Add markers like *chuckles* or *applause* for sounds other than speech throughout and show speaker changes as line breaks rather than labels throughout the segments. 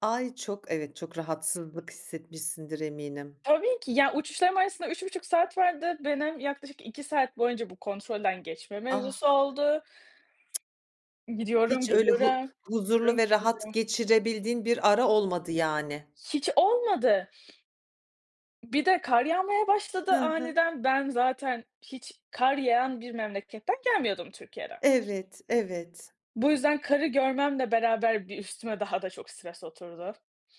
Ay, çok evet çok rahatsızlık hissetmişsindir eminim.
Tabii ki. Ya, uçuşlarım arasında 3,5 saat vardı. *unintelligible* yaklaşık 2 saat boyunca bu kontrolden geçme mevzusu
Ah.
oldu. Gidiyorum,
Hiç öyle hu
geliyorum.
huzurlu ve rahat
*unintelligible*
geçirebildiğin bir ara olmadı, yani.
Hiç olmadı. Bir de kar yağmaya başladı
Hı hı.
aniden. Ben zaten hiç kar yağan bir memleketten gelmiyordum Türkiye'den.
Evet, evet.
Bu yüzden karı görmemle beraber, bir üstüme daha da çok stres oturdu.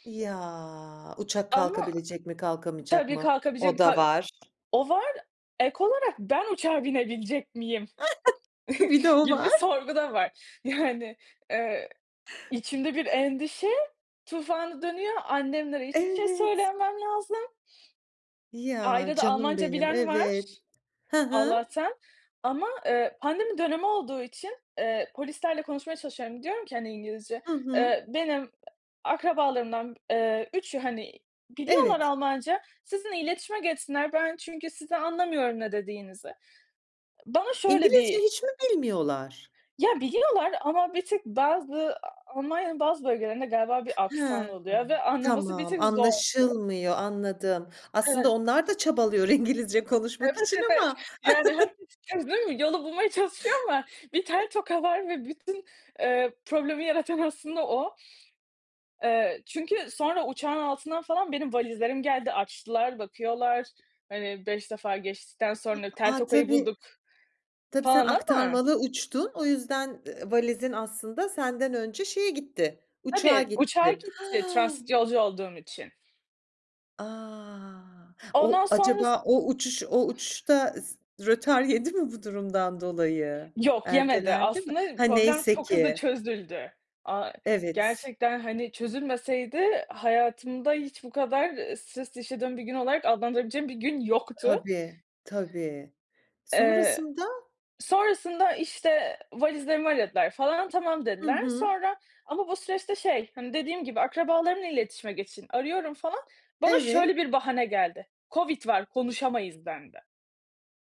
Ya, uçak
Ama,
kalkabilecek mi kalkamayacak
tabii,
mı,
kalkabilecek mi,
o da
ka
var.
o var, ek olarak ben uçağa binebilecek miyim
Bir de
*chuckles*
o
gibi
var.
sorgu da var. Yani, eee, içimde bir endişe tufanı dönüyor, annemlere hiçbir şey
Evet.
söylememem lazım.
Ya,
Ailede
canım
Almanca
benim,
bilen
evet.
var,
Hı hı.
Allah'tan ama, eee, pandemi dönemi olduğu için, eee, polislerle konuşmaya çalışıyorum. Diyorum ki, hani, İngilizce,
Hı hı.
eee, benim, e akrabalarımdan, eee, üçü, hani, biliyorlar
Evet.
Almanca, sizinle iletişime geçsinler, ben çünkü sizi anlamıyorum, ne dediğinizi. Bana şöyle
İngilizce
bir
hiç mi bilmiyorlar?
Ya, biliyorlar ama bir tık bazı A Almanya'nın bazı bölgelerinde galiba bir aksan
Ha,
oluyor ve
hımm,
anlaması bir
tamam
tık zor oluyor.
anlaşılmıyor, anladım. Aslında
Evet.
onlar da çabalıyor İngilizce konuşmak
Evet,
için
evet.
ama
Yani,
*chuckles*
herkes *unintelligible* yolu bulmaya çalışıyor ama bir tel toka var ve bütün, eee, problemi yaratan aslında o. Eee, çünkü sonra uçağın altından falan benim valizlerim geldi. Açtılar, bakıyorlar, hani, 5 defa geçtikten sonra tel
A,
tokayı
tabii
bulduk
tabii, sen
falan ama
aktarmalı uçtun, o yüzden, eee, valizin aslında senden önce şeye gitti, uçağa
Tabii, uçağa
gitti. Ha
gitti, transit yolcu olduğum için.
A! *gasps* O
Ondan sonrası
acaba, o uçuş o uçuş da s rötar yedi mi bu durumdan dolayı?
Yok, yemedi.
Ertelendi mi?
Aslında
Ha,
problem
neyse
çok hızlı
ki.
çözüldü. A
Evet s.
gerçekten, hani, çözülmeseydi hayatımda hiç bu kadar, ııı, stres yaşadığım bir gün olarak adlandırabileceğim bir gün yoktu.
Tabii, tabii.
Eee,
Sonrasında?
sonrasında, işte, valizlerimi aradılar falan, tamam,
Hı
dediler
hı.
sonra ama bu süreçte, şey, hani, dediğim gibi, akrabalarınla iletişime geçin arıyorum falan, bana
Evet.
şöyle bir bahane geldi: Covid var konuşamayız, denildi.